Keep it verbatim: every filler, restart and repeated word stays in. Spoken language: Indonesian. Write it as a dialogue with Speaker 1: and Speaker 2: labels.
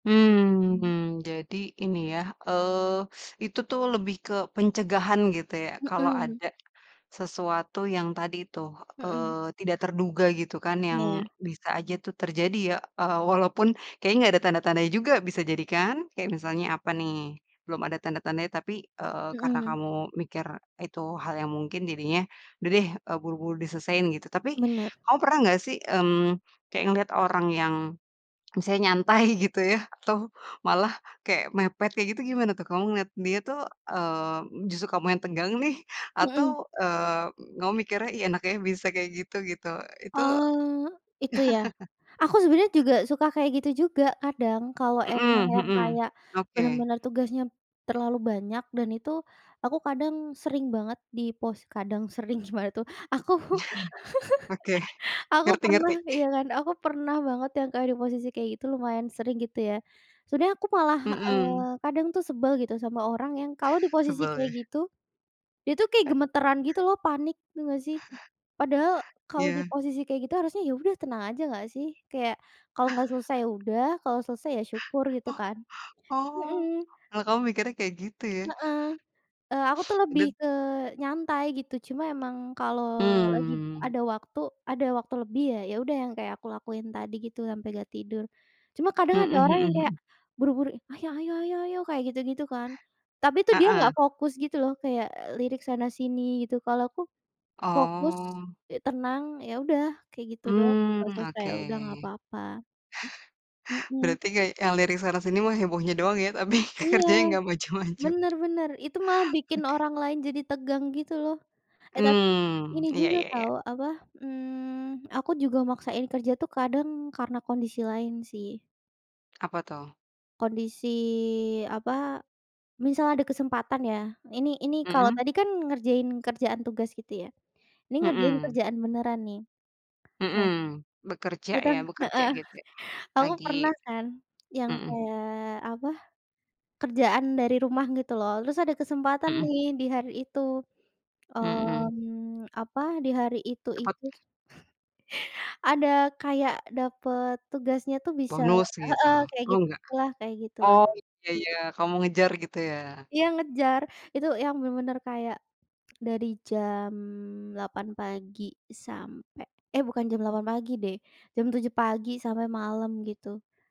Speaker 1: Mmm
Speaker 2: Mmm.
Speaker 1: mmm. Jadi, ini ya, eee, itu tuh lebih ke pencegahan, gitu ya, kalau
Speaker 2: Mhm.
Speaker 1: ada sesuatu yang tadi tuh,
Speaker 2: Mhm.
Speaker 1: eee, tidak terduga gitu kan, yang
Speaker 2: Iya.
Speaker 1: bisa aja tuh terjadi ya, eee, walaupun kayaknya nggak ada tanda-tandanya juga, bisa jadi, kan? Kayak misalnya apa nih, belum ada tanda-tandanya tapi, eee, karena
Speaker 2: Mhm.
Speaker 1: kamu mikir itu hal yang mungkin jadinya, "Udah deh," eee, "buru-buru diselesain." Gitu. Tapi,
Speaker 2: Benar.
Speaker 1: kamu pernah nggak sih, mmm, kayak ngeliat orang yang misalnya nyantai, gitu ya, atau, malah kayak mepet, kayak gitu gimana, tuh? Kamu ngelihat dia tuh, eee, justru kamu yang tegang nih, atau,
Speaker 2: Mhm.
Speaker 1: eee, kamu mikirnya, "Ih, enak ya bisa kayak gitu." Gitu, itu
Speaker 2: Oh, itu, ya? Aku sebenarnya juga suka kayak gitu juga kadang, kalau emang
Speaker 1: Mhm
Speaker 2: yang
Speaker 1: mhm.
Speaker 2: kayak
Speaker 1: Oke.
Speaker 2: benar-benar tugasnya terlalu banyak, dan itu aku kadang sering banget di pos kadang, sering, gimana tuh. Aku
Speaker 1: Oke.
Speaker 2: aku
Speaker 1: Ngerti
Speaker 2: pernah
Speaker 1: ngerti.
Speaker 2: iya, kan, aku pernah banget yang kayak di posisi kayak gitu lumayan sering gitu ya. Sebenarnya aku malah,
Speaker 1: Mhm.
Speaker 2: eee, kadang tuh sebal gitu sama orang yang kalau di posisi
Speaker 1: Sebel, ya?
Speaker 2: kayak gitu, dia tuh kayak gemetaran gitu loh, panik tau nggak, sih? Padahal kalau di
Speaker 1: Iya.
Speaker 2: posisi kayak gitu, harusnya ya udah tenang aja nggak, sih? Kayak, kalau nggak selesai ya udah, kalau selesai ya syukur, gitu,
Speaker 1: Oh
Speaker 2: kan?
Speaker 1: oh,
Speaker 2: Mhm.
Speaker 1: kalau kamu mikirnya kayak gitu, ya?
Speaker 2: Heeh. Eee, aku tuh lebih
Speaker 1: Dan
Speaker 2: ke nyantai gitu, cuma emang kalau lagi
Speaker 1: Mmm.
Speaker 2: ada waktu ada waktu lebih ya, ya udah yang kayak aku lakuin tadi gitu, sampai nggak tidur. Cuma kadang ada
Speaker 1: Mhm
Speaker 2: orang
Speaker 1: mhm
Speaker 2: yang kayak
Speaker 1: mhm.
Speaker 2: buru-buru, "Ayo ayo ayo ayo." Kayak gitu-gitu, kan? Tapi tuh dia nggak
Speaker 1: Heeh.
Speaker 2: fokus gitu loh, kayak lirik sana sini, gitu. Kalau aku fokus,
Speaker 1: Oh.
Speaker 2: e tenang, ya udah, kayak gitu doang,
Speaker 1: Mmm,
Speaker 2: nggak selesai
Speaker 1: oke.
Speaker 2: ya udah, nggak apa-apa. Mhm.
Speaker 1: Berarti yay yang yang lirik sana sini emang hebohnya doang ya, tapi,
Speaker 2: Iya,
Speaker 1: kerjanya nggak maju-maju.
Speaker 2: bener bener, itu mah bikin
Speaker 1: Oke.
Speaker 2: orang lain jadi tegang, gitu loh. Eh tapi,
Speaker 1: Mmm.
Speaker 2: ini
Speaker 1: Iya
Speaker 2: juga
Speaker 1: iya iya.
Speaker 2: tahu, apa, mmm, aku juga maksain kerja tuh kadang karena kondisi lain, sih.
Speaker 1: Apa, tuh?
Speaker 2: Kondisi apa, misal ada kesempatan ya, ini ini kalau
Speaker 1: Mhm.
Speaker 2: tadi kan ngerjain kerjaan tugas gitu, ya. Ini ngerjain
Speaker 1: Mhm.
Speaker 2: kerjaan beneran nih. Nah,
Speaker 1: Mhm. Bekerja, ya
Speaker 2: ngitung
Speaker 1: bekerja
Speaker 2: heeh.
Speaker 1: gitu kayak,
Speaker 2: Aku
Speaker 1: lagi
Speaker 2: pernah kan yang
Speaker 1: mhm.
Speaker 2: kayak, apa, kerjaan dari rumah, gitu loh, terus ada kesempatan
Speaker 1: Mhm.
Speaker 2: nih di hari itu,
Speaker 1: Mhm.
Speaker 2: mmm, apa, di hari itu,
Speaker 1: Dapat
Speaker 2: itu, ada kayak dapet tugasnya tuh bisa
Speaker 1: bonus, gitu.
Speaker 2: heeh, kayak
Speaker 1: Oh nggak?
Speaker 2: gitu-gitu lah, kayak gitu, lah.
Speaker 1: Oh, iya iya. Kalau mau ngejar, gitu, ya?
Speaker 2: Iya, ngejar. Itu yang bener-bener kayak dari jam delapan pagi, sampai eh, bukan jam delapan pagi deh, jam tujuh pagi sampai malam gitu.